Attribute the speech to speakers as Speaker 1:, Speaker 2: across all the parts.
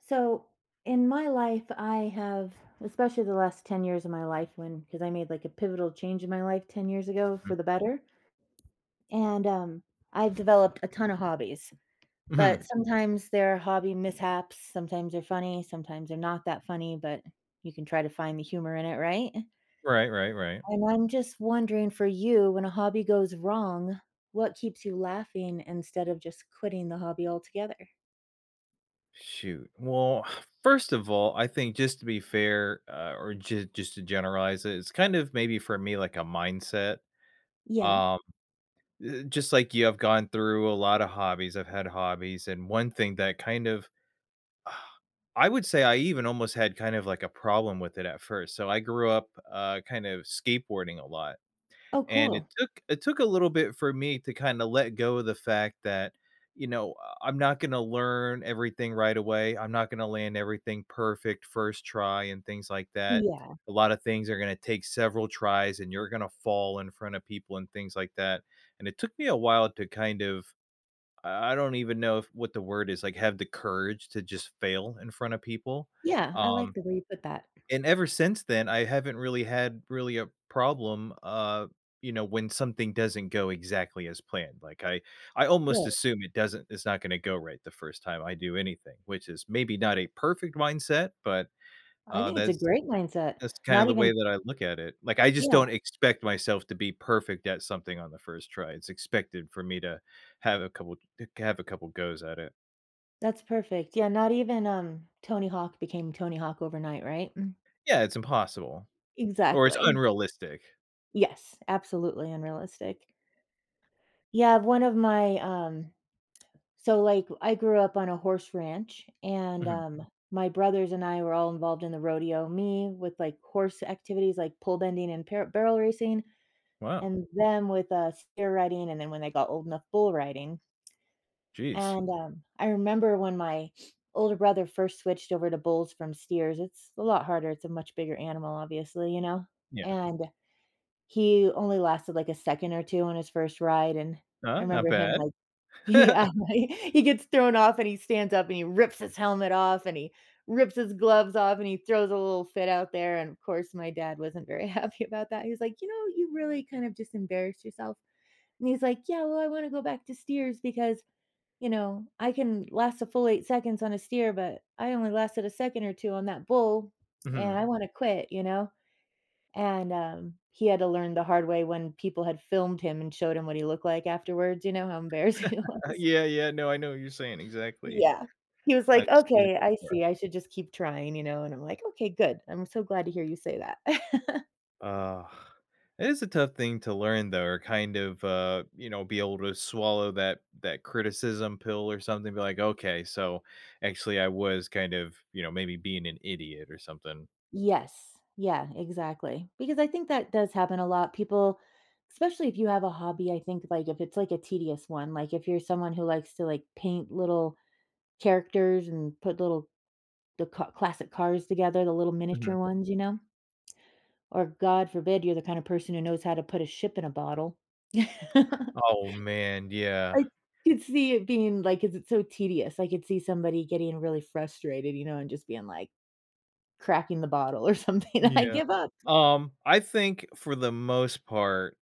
Speaker 1: So, in my life, I have especially, the last 10 years of my life when 'cause I made, like, a pivotal change in my life 10 years ago
Speaker 2: Mm.
Speaker 1: for the better, and, um, I've developed a ton of hobbies, but
Speaker 2: Mhm.
Speaker 1: sometimes, there are hobby mishaps, sometimes they're funny, sometimes they're not that funny, but you can try to find the humor in it, right?
Speaker 2: Right, right, right.
Speaker 1: And I'm just wondering, for you, when a hobby goes wrong, what keeps you laughing, instead of just quitting the hobby altogether?
Speaker 2: Shoot, well, first of all, I think, just to be fair, uh or just just to generalize it, it's kind of, maybe, for me, like, a mindset.
Speaker 1: Yeah.
Speaker 2: Um eh eh just like you have gone through a lotta hobbies, I've had hobbies, and one thing that kind of I would say, I even almost had kind of, like, a problem with it at first So I grew up, uh, kind of, skateboarding a lot,
Speaker 1: Oh,
Speaker 2: and it
Speaker 1: cool.
Speaker 2: took it took a little bit for me to kinda let go of the fact that, you know, I I'm not gonna learn everything right away, I'm not gonna land everything perfect 1st try, and things like that.
Speaker 1: Yeah.
Speaker 2: A lotta things are gonna take several tries, and you're gonna fall in front of people and things like that, and it took me a while to kind of I I don't even know if what the word is like, have the courage to just fail in front of people,
Speaker 1: Yeah. I like
Speaker 2: um,
Speaker 1: the way you put that.
Speaker 2: and ever since then, I haven't really had, really, a problem, uh, you know, when something doesn't go exactly as planned, like, I I almost
Speaker 1: Good.
Speaker 2: assume it doesn't it's not gonna go right the 1st time I do anything, which is maybe not a perfect mindset, but,
Speaker 1: I
Speaker 2: uh,
Speaker 1: think it's a
Speaker 2: that's
Speaker 1: great mindset.
Speaker 2: that's kind of
Speaker 1: Not
Speaker 2: the way
Speaker 1: even
Speaker 2: that I look at it. Like, I just
Speaker 1: Yeah.
Speaker 2: don't expect myself to be perfect at something on the 1st try, it's expected for me to have a couple c to have a couple goes at it.
Speaker 1: That's perfect, yeah, not even, um, Tony Hawk became Tony Hawk overnight, right? Mm.
Speaker 2: Yeah, it's impossible. Or, it's
Speaker 1: Exactly.
Speaker 2: unrealistic.
Speaker 1: Yes, absolutely unrealistic. Yeah, one of my, um so, like, I grew up on a horse ranch, and,
Speaker 2: Mhm.
Speaker 1: um, my brothers and I were all involved in the rodeo, me with, like, horse activities, like, pole bending and pear barrel racing,
Speaker 2: Wow.
Speaker 1: and them with, uh, steer riding, and then when they got old enough, bull riding
Speaker 2: Jeez.
Speaker 1: ...and, um, I remember when my older brother first switched over to bulls from steers, it's a lot harder, it's a much bigger animal, obviously, you know,
Speaker 2: Yeah.
Speaker 1: and, he only lasted, like, a second or 2 on his 1st ride, and I
Speaker 2: Uh, not
Speaker 1: remember him,
Speaker 2: bad.
Speaker 1: like, he, um, I he gets thrown off, and he stands up, and he rips his helmet off, and he rips his gloves off, and he throws a little fit out there, and, of course, my dad wasn't very happy about that, he was like, "You know, you really, kind of, just, embarrassed yourself." and he's like, "Yeah, well, I wanna go back to steers, because, you know, I can last a full 8 seconds on a steer, but I only lasted a second or 2 on that bull, and
Speaker 2: Mhm.
Speaker 1: I wanna quit, you know?" and, um, he had to learn the hard way when people had filmed him and showed him what he looked like afterwards, you know how embarrassing it was.
Speaker 2: Yeah, yeah, no I know what you're saying exactly,
Speaker 1: Yeah. He was
Speaker 2: I've
Speaker 1: like,
Speaker 2: seen it
Speaker 1: "Okay, I
Speaker 2: before.
Speaker 1: see, I should just keep trying, you know." and, I'm like, "Okay, good, I'm so glad to hear you say that."
Speaker 2: Ugh. It is a tough thing to learn, though, or kind of, uh, you know, be able to swallow that that criticism pill or something, be like, "Okay, so, actually, I was kind of, you know, maybe being an idiot or something."
Speaker 1: Yes. Yeah, exactly, because I think that does happen a lot, people especially if you have a hobby, I think, like, if it's, like, a tedious one, like, if you're someone who likes to, like, paint little characters and put little the ca classic cars together, the little miniature
Speaker 2: Mhm.
Speaker 1: ones, you know? Or, god forbid, you're the kinda person who knows how to put a ship in a bottle.
Speaker 2: Oh, man, yeah.
Speaker 1: I could see it being like 'Cause it's so tedious, I could see somebody getting really frustrated, you know, and just being, like, cracking the bottle or something, "I
Speaker 2: Yeah.
Speaker 1: give up!"
Speaker 2: Um, I think for the most part,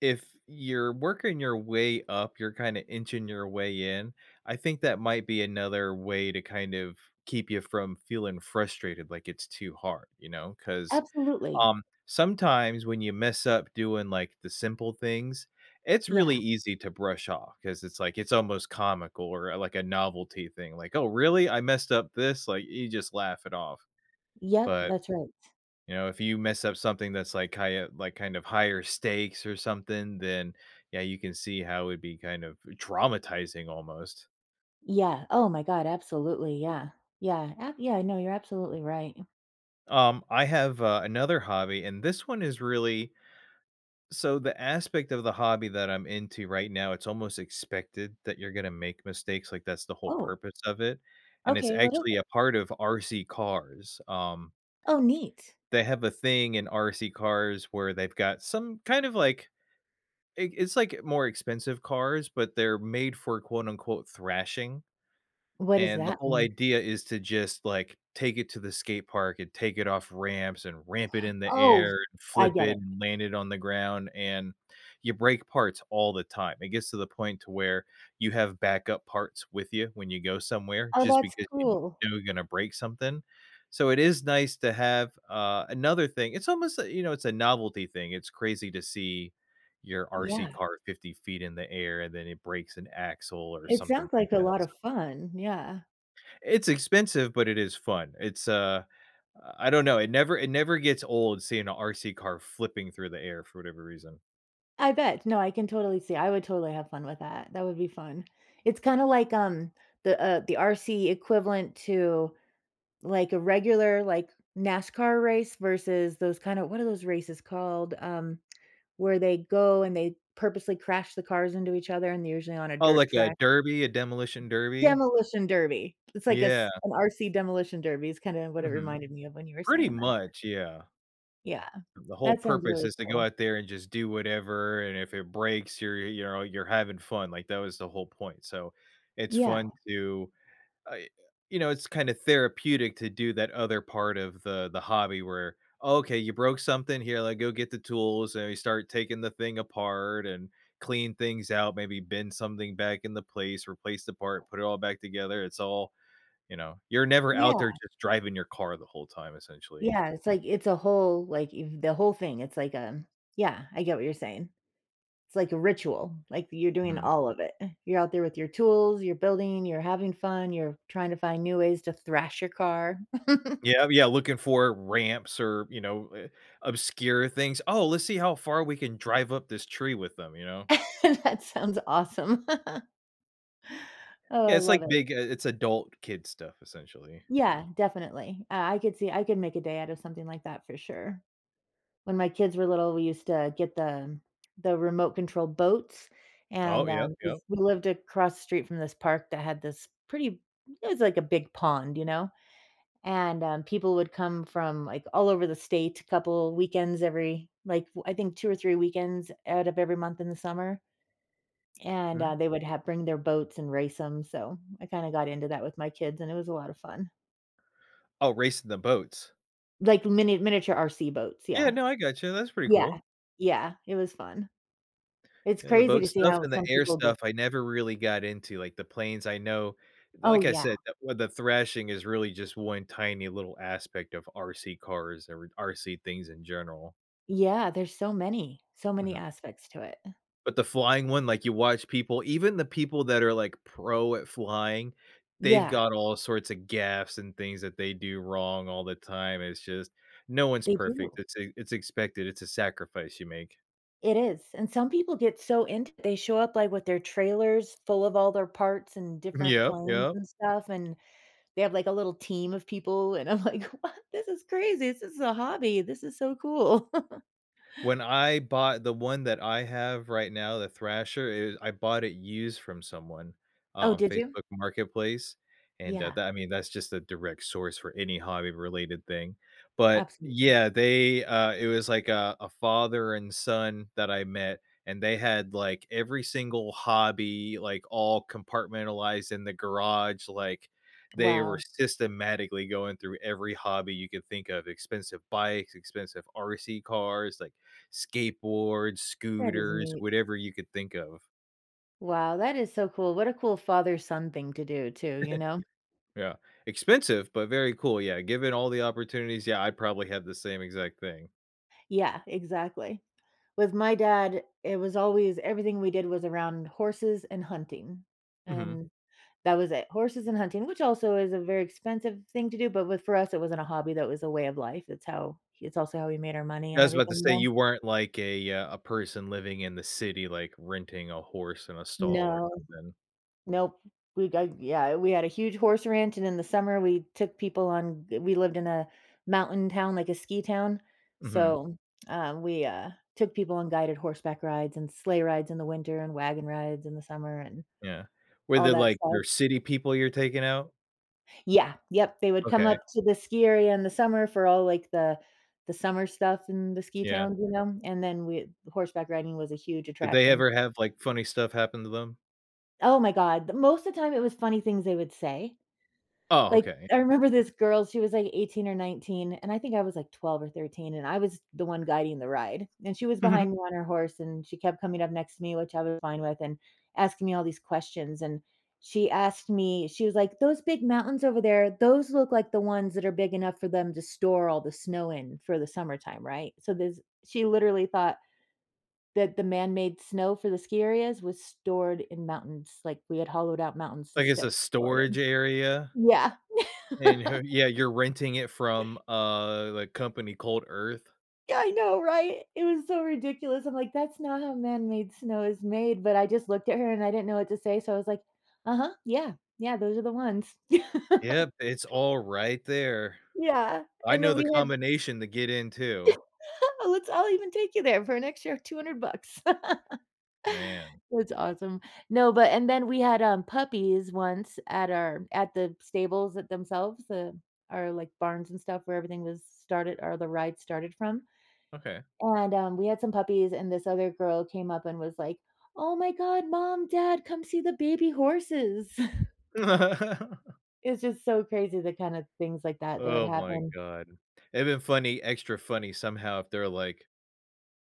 Speaker 2: if you're working your way up, you're kinda inching your way in, I think that might be another way to kind of keep ya from feeling frustrated, like, it's too hard, you know? 'Cause,
Speaker 1: Absolutely.
Speaker 2: um, sometimes when you mess up doing, like, the simple things, it's really
Speaker 1: Yeah.
Speaker 2: easy to brush off 'cause it's like, it's almost comical or, uh, like a novelty thing, like, "Oh, really? I messed up this?" like, you just laugh it off.
Speaker 1: Yep,
Speaker 2: But,
Speaker 1: that's right.
Speaker 2: you know, if you mess up something that's, like, highe like, kind of higher stakes or something, then, yeah, you can see how it'd be kind of, uh, traumatizing almost.
Speaker 1: Yeah, oh my god, absolutely, yeah. Yeah, eh yeah, no, you're absolutely right.
Speaker 2: Um, I have, uh, another hobby, and this one is really so the aspect of the hobby that I'm into right now, it's almost expected that you're gonna make mistakes, like, that's the whole
Speaker 1: Oh.
Speaker 2: purpose of it, and it's
Speaker 1: Okay, what is
Speaker 2: actually a
Speaker 1: it?
Speaker 2: part of RC cars, um
Speaker 1: Oh, neat.
Speaker 2: They have a thing in RC cars where they've got some, kind of, like i it's like more expensive cars, but they're made for quote, unquote, "thrashing?"
Speaker 1: What does
Speaker 2: And the
Speaker 1: that
Speaker 2: whole
Speaker 1: mean?
Speaker 2: idea is to just, like, take it to the skate park, and take it off ramps, and ramp it in the
Speaker 1: Oh,
Speaker 2: air, and
Speaker 1: I
Speaker 2: flip
Speaker 1: get
Speaker 2: it,
Speaker 1: it.
Speaker 2: and land it on the ground, and you break parts all the time; it gets to the point to where you have backup parts with you, when you go somewhere,
Speaker 1: Oh,
Speaker 2: just
Speaker 1: that's
Speaker 2: because you
Speaker 1: cool.
Speaker 2: know you're gonna break something, so it is nice to have, uh another thing it's almost, you know, it's a novelty thing, it's crazy to see your
Speaker 1: Yeah.
Speaker 2: RC car 50 ft in the air, and then it breaks an axle, or
Speaker 1: It
Speaker 2: something
Speaker 1: sounds
Speaker 2: like
Speaker 1: like a
Speaker 2: that,
Speaker 1: lot
Speaker 2: so
Speaker 1: of fun, yeah.
Speaker 2: It's expensive, but it is fun, it's, uh I don't know, it never it never gets old seeing a RC car flipping through the air, for whatever reason.
Speaker 1: I bet, no, I can totally see, I would totally have fun with that, that would be fun. It's kinda like, um, the, uh, the RC equivalent to, like, a regular, like, NASCAR race versus those kinda what are those races called, um, where they go and they purposely crash the cars into each other, and they're usually on a
Speaker 2: Oh,
Speaker 1: dirt
Speaker 2: like a
Speaker 1: track?
Speaker 2: derby a demolition derby?
Speaker 1: Demolition derby! It's like
Speaker 2: Yeah.
Speaker 1: s an RC demolition derby is kinda what it
Speaker 2: Mhm,
Speaker 1: reminded me of when you were
Speaker 2: pretty
Speaker 1: saying that.
Speaker 2: much, yeah.
Speaker 1: Yeah,
Speaker 2: The whole
Speaker 1: that sounds
Speaker 2: purpose
Speaker 1: really
Speaker 2: is to go
Speaker 1: cool.
Speaker 2: out there and just do whatever, and if it breaks, you're you're, you know, you're having fun, like, that was the whole point, so, it's
Speaker 1: Yeah.
Speaker 2: fun to, uh you know, it's kinda therapeutic to do that other part of the the hobby where, "Oh, okay, you broke something here, like, go get the tools," and we start taking the thing apart and clean things out, maybe bend something back into place, replace the part, put it all back together. It's all, you know, you're never out
Speaker 1: Yeah.
Speaker 2: there just driving your car the whole time, essentially.
Speaker 1: Yeah, it's, like, it's a whole, like, eve the whole thing, it's like a yeah, I get what you're saying. It's like a ritual, like, th you're doing
Speaker 2: Mhm.
Speaker 1: all of it. You're out there with your tools, you're building, you're having fun, you're trying to find new ways to thrash your car.
Speaker 2: Yeah, yeah, looking for ramps or, you know, eh, obscure things, "Oh, let's see how far we can drive up this tree with them," you know?
Speaker 1: That sounds awesome. Oh,
Speaker 2: Yeah,
Speaker 1: I
Speaker 2: it's
Speaker 1: love
Speaker 2: like
Speaker 1: it.
Speaker 2: big i it's adult kid stuff, essentially.
Speaker 1: Yeah, definitely, uh I could see I could make a day out of something like that for sure. When my kids were little, we used to get the the remote control boats,
Speaker 2: Oh,
Speaker 1: and,
Speaker 2: yep,
Speaker 1: um,
Speaker 2: yep.
Speaker 1: jus we lived across the street from this park that had this pretty it was like a big pond, you know? And, um, people would come from, like, all over the state a couple weekends every like, I think 2 or 3 weekends out of every month in the summer. And,
Speaker 2: Hm.
Speaker 1: uh, they would have bring their boats and race 'em, so, I kinda got into that with my kids, and it was a lot of fun.
Speaker 2: Oh, racing the boats.
Speaker 1: Like mini miniature RC boats,
Speaker 2: Yeah,
Speaker 1: yeah
Speaker 2: no, I gotcha, that's pretty
Speaker 1: Yeah
Speaker 2: cool.
Speaker 1: yeah, it was fun. It's
Speaker 2: Yeah, the
Speaker 1: crazy
Speaker 2: boat
Speaker 1: to see
Speaker 2: stuff
Speaker 1: how
Speaker 2: and the
Speaker 1: some
Speaker 2: air
Speaker 1: people built
Speaker 2: stuff, I never really got into. Like, the planes, I know
Speaker 1: Oh,
Speaker 2: like I
Speaker 1: yeah.
Speaker 2: said, the with the thrashing is really just one tiny little aspect of RC cars or RC things in general.
Speaker 1: Yeah, there's so many. So many
Speaker 2: Mhm.
Speaker 1: aspects to it.
Speaker 2: But the flying one, like, you watch people even the people that are, like, pro at flying, they've
Speaker 1: Yeah.
Speaker 2: got all sorts of gaffes and things that they do wrong all the time. It's just no one's
Speaker 1: They do.
Speaker 2: perfect. It's e it's expected. It's a sacrifice you make.
Speaker 1: It is. And some people get so into it. They show up, like, with their trailers full of all their parts and
Speaker 2: Mhm,
Speaker 1: different
Speaker 2: yep,
Speaker 1: planes
Speaker 2: yep.
Speaker 1: and stuff, and they have, like, a little team of people. And I'm like, "What?” “This is crazy. This is a hobby. This is so cool."
Speaker 2: When I bought the one that I have right now, the thrasher, it I bought it used from someone uh,
Speaker 1: Oh,
Speaker 2: on
Speaker 1: did you?
Speaker 2: Facebook Marketplace, and, that
Speaker 1: Yeah.
Speaker 2: that I mean, that's just a direct source for any hobby-related thing. But,
Speaker 1: Absolutely.
Speaker 2: yeah, they, uh it was like, uh, a father and son that I met, and they had, like, every single hobby, like, all compartmentalized in the garage, like, they were
Speaker 1: Wow.
Speaker 2: systematically going through every hobby you could think of. Expensive bikes, expensive RC cars, like, skateboards,
Speaker 1: That is
Speaker 2: scooters,
Speaker 1: neat.
Speaker 2: whatever you could think of.
Speaker 1: Wow, that is so cool. What a cool father-son thing to do, too, you know?
Speaker 2: Yeah. Expensive, but very cool. Yeah, given all the opportunities, yeah, I'd probably had the same exact thing.
Speaker 1: Yeah, exactly. With my dad, it was always everything we did was around horses and hunting,
Speaker 2: Mhm.
Speaker 1: and that was it. Horses and hunting, which also is a very expensive thing to do, but with for us, it wasn't a hobby, that was a way of life, it's how h it's also how we made our money
Speaker 2: I
Speaker 1: and
Speaker 2: was about to
Speaker 1: everything, you
Speaker 2: say,
Speaker 1: know?
Speaker 2: you weren't like a, uh, a person living in the city, like, renting a horse in a stall, or
Speaker 1: No.
Speaker 2: something.
Speaker 1: Nope. We go Yeah, we had a huge horse ranch, and in the summer, we took people on g We lived in a mountain town, like a ski town,
Speaker 2: Mhm.
Speaker 1: so, uh, we, uh, took people on guided horseback rides, and sleigh rides in the winter, and wagon rides in the summer, and
Speaker 2: Yeah. Were
Speaker 1: all
Speaker 2: they,
Speaker 1: that
Speaker 2: like,
Speaker 1: stuff.
Speaker 2: your city people you're taking out?
Speaker 1: Yeah. Yep, they would come
Speaker 2: Okay.
Speaker 1: up to the ski area in the summer for all, like, the the summer stuff in the ski
Speaker 2: Yeah.
Speaker 1: towns, you know? And then we the horseback riding was a huge
Speaker 2: Did they
Speaker 1: attraction,
Speaker 2: ever
Speaker 1: so
Speaker 2: have, like, funny stuff happen to them?
Speaker 1: Oh my God. The most of the time, it was funny things they would say.
Speaker 2: Oh,
Speaker 1: Like,
Speaker 2: okay.
Speaker 1: I remember this girl. She was, like, 18 or 19, and I think I was, like, 12 or 13. And I was the one guiding the ride. And she was behind me on her horse, and she kept coming up next to me, which I was fine with, and asking me all these questions. And she asked me, she was like, "Those big mountains over there, those look like the ones that are big enough for them to store all the snow in for the summertime. Right?" So this she literally thought that the man-made snow for the ski areas was stored in mountains. Like, we had hollowed out mountains to
Speaker 2: Like, it's
Speaker 1: st
Speaker 2: a
Speaker 1: pour it
Speaker 2: storage
Speaker 1: in.
Speaker 2: area.
Speaker 1: Yeah.
Speaker 2: And her yeah. You're renting it from, uh, like, company called Earth.
Speaker 1: Yeah. I know. Right? It was so ridiculous. I'm like, "That's not how man-made snow is made," but I just looked at her and I didn't know what to say. So I was like, "Uh-huh. Yeah. Yeah. Those are the ones."
Speaker 2: Yep. It's all right there.
Speaker 1: Yeah.
Speaker 2: I
Speaker 1: And
Speaker 2: know
Speaker 1: then
Speaker 2: the
Speaker 1: we had
Speaker 2: combination to get in too.
Speaker 1: Let's I'll even take you there for an extra 200 bucks.
Speaker 2: Man.
Speaker 1: That's awesome. No, but and then we had, um, puppies once at our at the stables at themselves, uh, our, like, barns and stuff where everything was started or the ride started from.
Speaker 2: Okay.
Speaker 1: And, um, we had some puppies, and this other girl came up and was like, "Oh my god. Mom, dad, come see the baby horses." It's just so crazy the kind of things like that, that would
Speaker 2: Oh my
Speaker 1: happen.
Speaker 2: god. And then funny extra funny somehow if they're, like,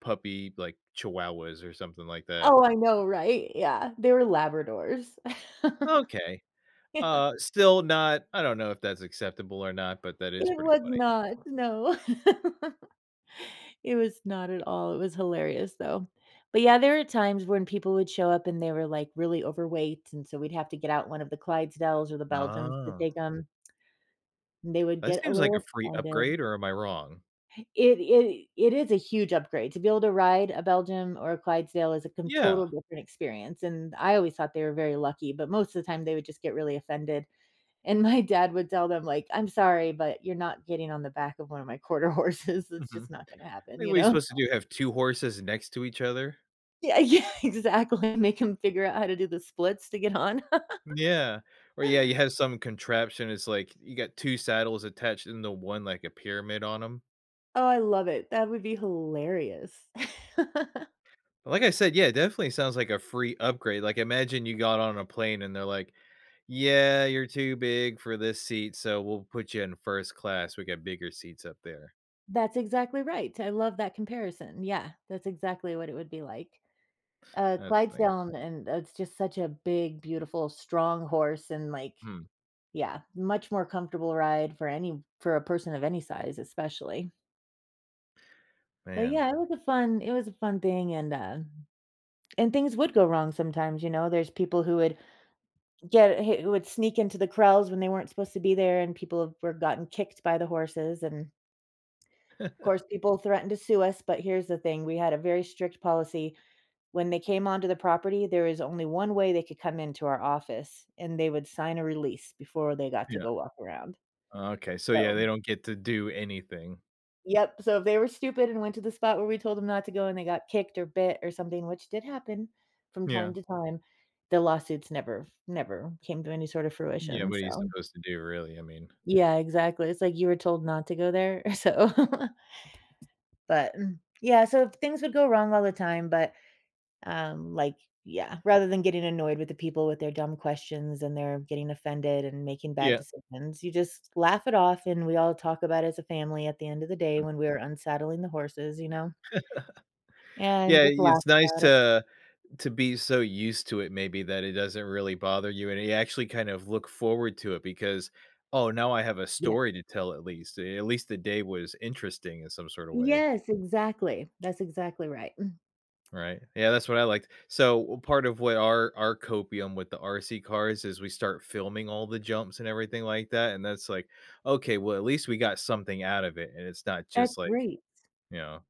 Speaker 2: puppy, like, chihuahuas or something like that.
Speaker 1: Oh, I know. Right? Yeah. They were Labradors.
Speaker 2: Okay.
Speaker 1: Yeah.
Speaker 2: Uh, still not I don't know if that's acceptable or not, but that is
Speaker 1: It
Speaker 2: pretty
Speaker 1: was
Speaker 2: funny.
Speaker 1: not. No. It was not at all. It was hilarious, though. But, yeah, there are times when people would show up and they were, like, really overweight, and so we'd have to get out one of the Clydesdales or the Belgians to
Speaker 2: Oh.
Speaker 1: take 'em. And they would
Speaker 2: That
Speaker 1: get a
Speaker 2: seems like a
Speaker 1: little
Speaker 2: free
Speaker 1: offended.
Speaker 2: upgrade, or am I wrong?
Speaker 1: It it it is a huge upgrade, to be able to ride a Belgian, or a Clydesdale, is a con
Speaker 2: Yeah.
Speaker 1: total different experience, and I always thought they were very lucky, but most of the time, they would just get really offended. And my dad would tell them, like, "I'm sorry, but you're not getting on the back of one of my Quarter Horses, it's
Speaker 2: Mhm.
Speaker 1: just not gonna
Speaker 2: I
Speaker 1: happen,"
Speaker 2: mean,
Speaker 1: you
Speaker 2: what are you're
Speaker 1: know?
Speaker 2: supposed to do, you have 2 horses next to each other?
Speaker 1: Yeah yeah, exactly, make them figure out how to do the splits to get on.
Speaker 2: Yeah. Or, yeah, you have some contraption, it's like you got 2 saddles attached into 1, like, a pyramid on 'em.
Speaker 1: Oh, I love it, that would be hilarious.
Speaker 2: But, like I said, yeah, it definitely sounds like a free upgrade, like, imagine you got on a plane, and they're like, "Yeah, you're too big for this seat, so we'll put you in a first class, we got bigger seats up there."
Speaker 1: That's exactly right, I love that comparison. Yeah, that's exactly what it would be like. Uh,
Speaker 2: That's funny.
Speaker 1: Clydesdale and it's just such a big, beautiful, strong horse and, like
Speaker 2: Hmm.
Speaker 1: Yeah, much more comfortable ride for any for a person of any size, especially. But,
Speaker 2: Man.
Speaker 1: yeah, it was a fun it was a fun thing, and, uh and things would go wrong sometimes, you know, there's people who would get who would sneak into the crawls when they weren't supposed to be there, and people have were gotten kicked by the horses, and Course, people threatened to sue us, but here's the thing, we had a very strict policy. When they came onto the property, there is only one way they could come into our office, and they would sign a release before they got to
Speaker 2: Yeah.
Speaker 1: go walk around.
Speaker 2: Oh, okay, so, yeah,
Speaker 1: So
Speaker 2: they don't get to do anything.
Speaker 1: Yep, so if they were stupid and went to the spot where we told them not to go, and they got kicked, or bit, or something, which did happen from
Speaker 2: Yeah.
Speaker 1: time to time, the lawsuits never f never came to any sort of
Speaker 2: Yeah,
Speaker 1: fruition.
Speaker 2: what are you
Speaker 1: So
Speaker 2: supposed to do, really, I mean.
Speaker 1: Yeah, exactly, it's like you were told not to go there. So But, mm, yeah, so if things would go wrong all the time, but, um, like Yeah, rather than getting annoyed with the people with their dumb questions, and their getting offended, and making bad
Speaker 2: Yeah.
Speaker 1: decisions, you just laugh it off, and we all talk about it as a family at the end of the day
Speaker 2: Hm.
Speaker 1: when we are unsaddling the horses, you know and
Speaker 2: Yeah,
Speaker 1: just laugh
Speaker 2: it's nice
Speaker 1: about it.
Speaker 2: to to be so used to it maybe that it doesn't really bother you, and ya actually kind of look forward to it, because, "Oh, now I have a
Speaker 1: Yes.
Speaker 2: story to tell at least. Uh, at least the day was interesting in some sort of way."
Speaker 1: Yes, exactly. That's exactly right, mm
Speaker 2: Right? Yeah, that's what I liked. So, what part of where our our copium with the RC cars is we start filming all the jumps, and everything like that, and then it's like, "Okay, well, at least we got something out of it," and it's not
Speaker 1: That's
Speaker 2: just, like,
Speaker 1: great.
Speaker 2: you know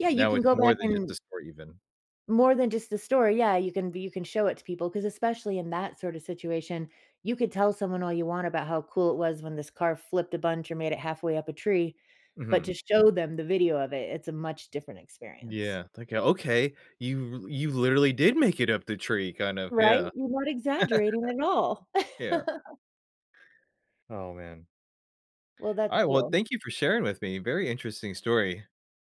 Speaker 1: Yeah, you
Speaker 2: Now
Speaker 1: can
Speaker 2: it's
Speaker 1: go
Speaker 2: more
Speaker 1: back
Speaker 2: than just
Speaker 1: and
Speaker 2: a story even.
Speaker 1: More than just a story. Yeah, you can be you can show it to people, 'cause especially in that sort of situation, you could tell someone all you want about how cool it was when this car flipped a bunch, or made it halfway up a tree, but
Speaker 2: Mhm.
Speaker 1: to show them the video of it, it's a much different experience.
Speaker 2: Yeah, it's like, "Okay, you l you literally did make it up the tree, kind of"
Speaker 1: Right?
Speaker 2: Yeah.
Speaker 1: You weren't exaggerating at all.
Speaker 2: Yeah. Oh, man.
Speaker 1: Well, that's
Speaker 2: Alright, well,
Speaker 1: cool.
Speaker 2: thank you for sharing with me, very interesting story.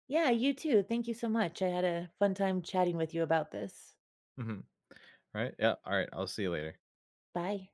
Speaker 1: Yeah, you too, thank you so much, I had a fun time chatting with you about this.
Speaker 2: Mhm. Alright, yeah, alright, I'll see you later.
Speaker 1: Bye.